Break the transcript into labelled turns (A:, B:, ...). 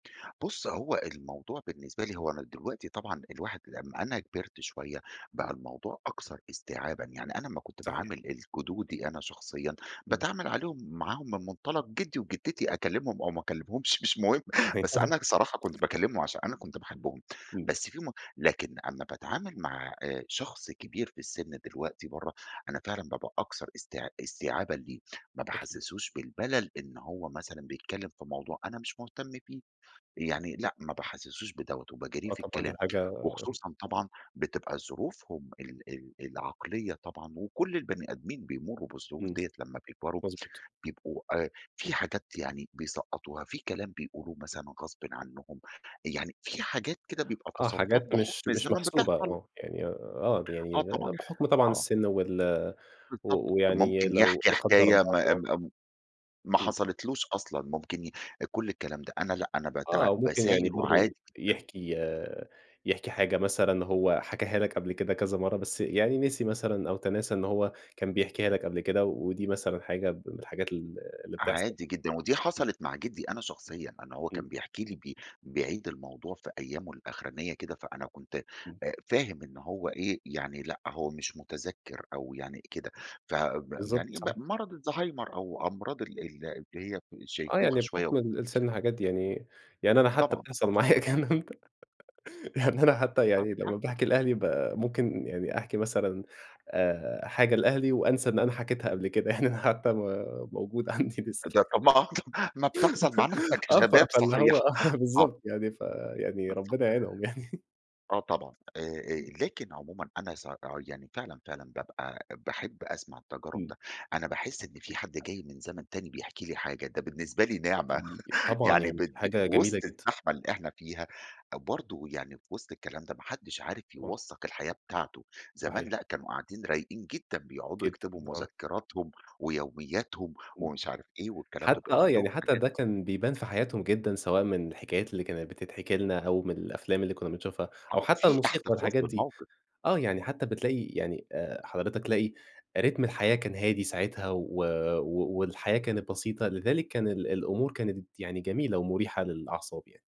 A: بُص، هو الموضوع بالنسبة لي هو أنا دلوقتي طبعًا الواحد لمّا أنا كبرت شوية، بقى
B: إمم.
A: الموضوع أكثر استيعابًا، يعني أنا لمّا كنت
B: صحيح.
A: باعامل الجدودي أنا شخصيًا،
B: إمم.
A: باتعامل عليهم معاهم من منطلق جدي وجدتي، أكلمهم أو ما أكلمهمش مش مهم
B: صحيح.
A: بس أنا صراحة كنت باكلمهم، عشان أنا كنت باحبهم.
B: إمم.
A: بس في م لكن أمّا باتعامل مع آآ، شخص كبير في السن دلوقتي برّه، أنا فعلًا بابقى أكثر است استيعابًا ليه. ما
B: أكيد.
A: باحسسوش بالملل إن هو مثلًا بيتكلم في الموضوع أنا مش مهتم بيه، يعني لأ، ما باحسسوش بدوّة، وباجاريه
B: آه،
A: في
B: طبعًا دي
A: الكلام.
B: حاجة
A: وخصوصًا طبعًا بتبقى ظروفهم ال ال العقلية طبعًا وكل البني آدمين بيمروا بالظروف
B: إمم.
A: ديّة لمّا بيكبروا، آآ،
B: مضبوط.
A: بيبقوا آآ، في حاجات يعني بيسقطوها، في كلام بيقولوه مثلًا غصبًا عنهم، يعني في حاجات كده بيبقى
B: آه،
A: تصرفات
B: حاجات مش
A: بحكم
B: مش
A: الزمن
B: محسوبة
A: بتحصل.
B: آه، يعني آه،
A: آه،
B: يعني
A: طبعًا،
B: بحكم طبعًا
A: آه.
B: السن وال
A: بالضبط.
B: و ويعني
A: ممكن
B: لو
A: يحكي
B: لا قدر
A: حكاية م
B: الله [unintelligible]
A: م ما
B: إمم.
A: حصلتلوش أصلًا، ممكن ي كل الكلام ده. أنا لأ، أنا بتع
B: آه، وممكن يعني
A: باساير
B: برضه
A: وعادي جدًا.
B: يحكي آآ، يحكي حاجة مثلًا هو حكاها لك قبل كده كذا مرة، بس يعني نسي مثلًا أو تناسى إن هو كان بيحكيها لك قبل كده و ودي مثلًا حاجة من الحاجات ال اللي بتحصل.
A: عادي جدًا. ودي حصلت مع جدي أنا شخصيًا، أنا هو
B: إمم.
A: كان بيحكي لي ب بيعيد الموضوع في أيامه الآخرانية كده، فأنا كنت
B: إمم.
A: آآ، فاهم إن هو إيه، يعني لأ، هو مش متذكر أو يعني كده، فب
B: بالضبط،
A: يعني ب
B: صحيح.
A: مرض الزهايمر أو أمراض ال ال اللي هي
B: آه،
A: الشيخوخة
B: يعني
A: شوية و
B: بحكم ال السن حاجات دي يعني، يعني أنا حتى
A: طبعًا،
B: بتحصل
A: مش صغير.
B: معايا [unintelligible] يعني أنا حتى
A: آه،
B: يعني لمّا
A: تحكّم.
B: باحكي لأهلي ب ممكن يعني أحكي مثلًا آآ، حاجة لأهلي وأنسىى إن أنا حكيتها قبل كده. يعني أنا حتى م موجودة عندي لسه.
A: ده [unintelligible] ما آه، طب ما بتحصل معانا إحنا
B: آه، ف
A: كشباب
B: فاللي
A: صحيح
B: هو آه،
A: آه.
B: بالضبط يعني. فيعني
A: بالضبط.
B: ربنا يعينهم يعني.
A: آه طبعًا، آآ، آآ،
B: [unintelligible]
A: لكن عمومًا أنا س يعني فعلًا، فعلًا، بابقى باحب أسمع التجارب
B: إمم.
A: ده. أنا باحس إن في حد جاي
B: [unintelligible]
A: من زمن تاني بيحكي لي حاجة، ده بالنسبة لي نعمة.
B: [unintelligible] طبعًا،
A: يعني ب
B: يعني
A: ب
B: حاجة جميلة
A: وسط
B: جدًا.
A: الزحمة اللي إحنا فيها، برضه يعني في وسط الكلام ده ما حدش عارف
B: طبعًا.
A: يوثق الحياة بتاعته. زمان
B: صحيح.
A: لأ، كانوا قاعدين رايقين جدًا، بيقعدوا
B: جدًا
A: يكتبوا
B: آه.
A: مذكراتهم ويومياتهم
B: امم،
A: ومش عارف إيه، والكلام ده
B: حتى
A: بيبقى
B: آه، يعني
A: عندهم
B: حتى
A: حاجات
B: ده كان بيبان في حياتهم جدًا، سواء من الحكايات اللي كانت بتتحكي لنا، أو من الأفلام اللي كنّا بنشوفها، أو
A: آه،
B: حتى
A: في
B: الموسيقى
A: احتفاظ
B: والحاجات دي.
A: بالموقف.
B: آه، يعني حتى بتلاقي يعني آآ، حضرتك تلاقي رِتم الحياة كان هادي ساعتها و و والحياة كانت بسيطة، لذالك كان ال الأمور كانت يعني جميلة ومريحة للأعصاب يعني.